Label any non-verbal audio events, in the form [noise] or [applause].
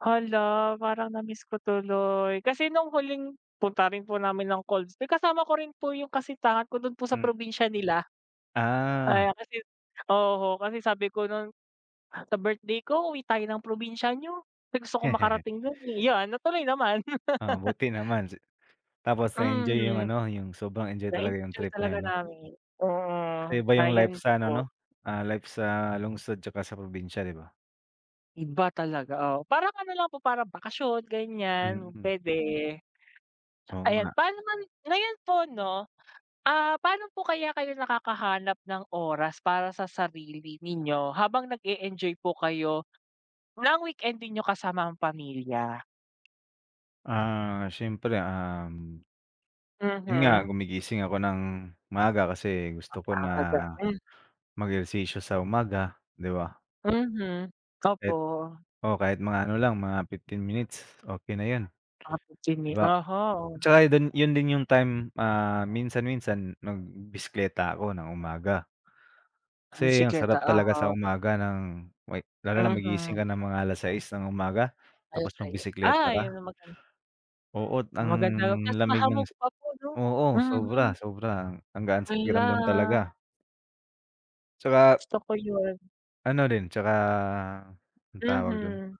Hala, parang na-miss ko tuloy kasi nung huling punta rin po namin ng colds may kasama ko rin po yung kasitahan ko dun po sa Hmm. probinsya nila. Ah. Ayan kasi oho kasi sabi ko nun, "Sa birthday ko, uwi tayo ng probinsya niyo kasi gusto ko [laughs] makarating dun, eh", yan natuloy naman. Ah, [laughs] buti naman si tapos na-enjoy yung Mhm ano, yung sobrang enjoy talaga yung na-enjoy trip na talaga yun 'no. namin mm, Kaya iba yung life ayun sa ano po. 'no, ah, life sa lungsod tsaka sa probinsya di ba? Iba talaga, oo parang ano lang po parang bakasyon ganyan Mm. pwede. Oo Ayan, nga. paano naman ngayon po 'no, ah, paano po kaya kayo nakakahanap ng oras para sa sarili ninyo habang nag-e-enjoy po kayo ng weekend ninyo kasama ang pamilya? Ah, siyempre, um yun nga Mhm. gumigising ako ng maaga kasi gusto ko Ang na aga pa. mag-ehersisyo sa umaga di ba? Mhm. Opo. It oo kahit mga ano lang, mga 15 minutes, okey na yun, Ah, 15 di min ba? oho. Tsaka ay dun yun din yung time, hmm, ah, minsan-minsan, mm, mag b bisekleta ako ng umaga. Kasi ang Bisikleta sarap talaga sa oho. umaga nang wek lalo na magigising Mhm. ka ng mga 6:00 ng umaga, tapos, 6:00, magbiseklata ah, yun ka ang magan Oo't, ang Maganda 'tas lamig ng mahamog si pa po 'no oo, mhm. sobra sobra ang gaan sa pakiramdam Hala. talaga. Tsaka Gusto ko yun. Ano rin, tsaka ano tawag dun? Mhm.